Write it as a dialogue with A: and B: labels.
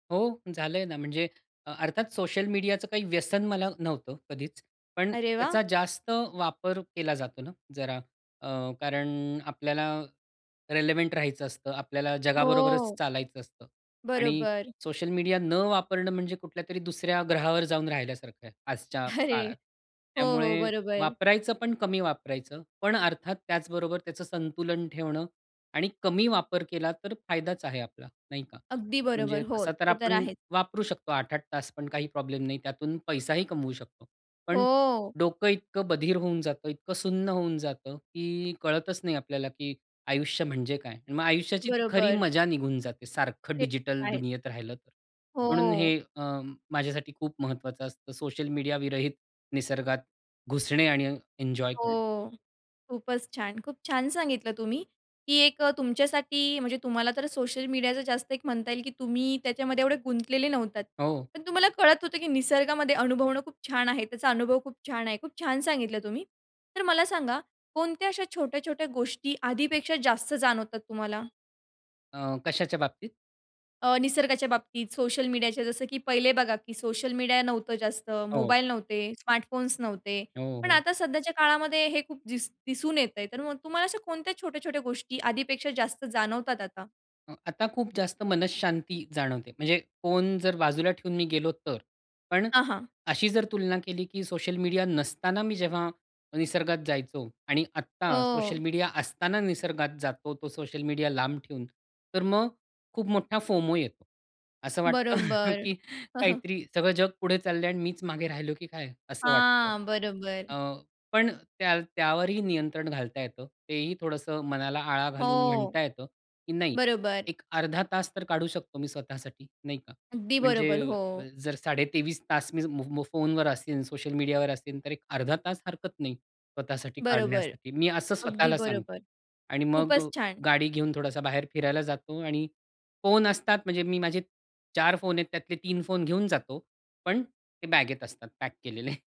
A: हो झालंय ना, म्हणजे अ अर्थात सोशल मीडियाचं काही व्यसन मला नव्हतं कधीच. पण
B: अरे वाह!
A: त्याचा जास्त वापर केला जातो ना, जरा अ, कारण आपल्याला रिलेव्हंट राहायचं असतं, आपल्याला जगाबरोबरच
B: हो.
A: चालायचं असतं आणि
B: बरोबर.
A: सोशल मीडिया न वापरणं म्हणजे कुठल्यातरी दुसऱ्या ग्रहावर जाऊन राहिल्यासारखं आहे, आजच्या
B: अरे,
A: काळात.
B: हो, हो,
A: त्यामुळे
B: बरोबर.
A: वापरायचं, पण कमी वापरायचं. पण अर्थात त्याचबरोबर त्याचं संतुलन ठेवणं आणि कमी वापर केला, तर फायदाच आहे आपला, नाही का?
B: अगदी बरोबर.
A: म्हणजे
B: हो,
A: तसा तर
B: ते तर
A: आपण
B: आहे.
A: वापरू शकतो, 8-8 तास पण काही प्रॉब्लेम नाही, त्यातून पैसाही कमवू शकतो. पण
B: हो.
A: डोकं इतकं बधीर होऊन जातं, इतकं सुन्न होऊन जातं, की कळतच नाही आपल्याला, की आयुष्य म्हणजे काय? आणि मग आयुष्याची खरी
B: बरोबर.
A: मजा निघून जाते, सारखं
B: ते तर
A: डिजिटल
B: आहे.
A: दुनियेत राहिलं तर. म्हणून हे
B: हो.
A: अ, माझ्यासाठी खूप महत्वाचं असतं, सोशल मीडिया विरहित निसर्गात घुसणे आणि एन्जॉय करणे.
B: हो, खूपच छान. खूप छान सांगितलं तुम्ही, की एक अ, तुमच्यासाठी, म्हणजे तुम्हाला तर सोशल मीडियाच जास्त एक म्हणता येईल, की तुम्ही त्याच्यामध्ये एवढे गुंतलेले नव्हता
A: हो.
B: पण तुम्हाला कळत होतं, की निसर्गामध्ये अनुभवणं खूप छान आहे, त्याचा अनुभव खूप छान आहे, खूप छान सांगितलं तुम्ही. तर मला सांगा, कोणत्या अशा छोट्या-छोट्या गोष्टी आधीपेक्षा जास्त जाणवतात तुम्हाला?
A: अ, कशाच्या बाबतीत?
B: अ, निसर्गाच्या बाबतीत, सोशल मीडियाच्या, जसं की पहिले बघा की सोशल मीडिया नव्हतं जास्त,
A: हो.
B: मोबाईल नव्हते, स्मार्टफोन्स नव्हते,
A: हो,
B: पण
A: हो.
B: आता सध्याच्या काळामध्ये हे खूप दिस दिसून येतंय, तर मग तुम्हाला अशा कोणत्या छोट्या-छोट्या गोष्टी आधीपेक्षा जास्त जाणवतात आता?
A: आता खूप जास्त मनःशांती जाणवते. म्हणजे फोन जर बाजूला ठेऊन मी गेलो तर. पण
B: हां, हां.
A: अशी जर तुलना केली, की सोशल मीडिया नसताना मी जेव्हा निसर्गात जायचो आणि आत्ता सोशल
B: हो.
A: मीडिया असताना निसर्गात जातो, तो सोशल मीडिया लांब ठेऊन, तर मग खूप मोठा फोमो येतो. असं वाटतं,
B: बरोबर.
A: की काहीतरी "सगळं जग पुढे चाललंय आणि मीच मागे राहिलो की काय?" असं वाटतं.
B: हां, बरोबर.
A: अ, पण त्या त्यावरही नियंत्रण घालता येतं. तेही, थोडसं मनाला आळा घालून
B: हो.
A: म्हणता येतं, की नाही,
B: बरोबर.
A: एक अर्धा तास तर काढू शकतो मी स्वतःसाठी, नाही का?
B: अगदी बरोबर,
A: म्हणजे
B: हो.
A: जर साडे 23 तास मी मो फोनवर असेन, सोशल मीडियावर असेन, तर एक अर्धा तास हरकत नाही, स्वतःसाठी
B: बरोबर.
A: काढण्यासाठी. मी असं
B: अगदी
A: स्वतःला सांगतो.
B: बरोबर,
A: आणि मग
B: खूपच छान.
A: गाडी घेऊन थोडासा बाहेर फिरायला जातो आणि फोन असतात म्हणजे मी माझे 4 फोन आहेत, त्यातले 3 फोन घेऊन जातो. पण ते बॅगेत असतात, पॅक केलेले.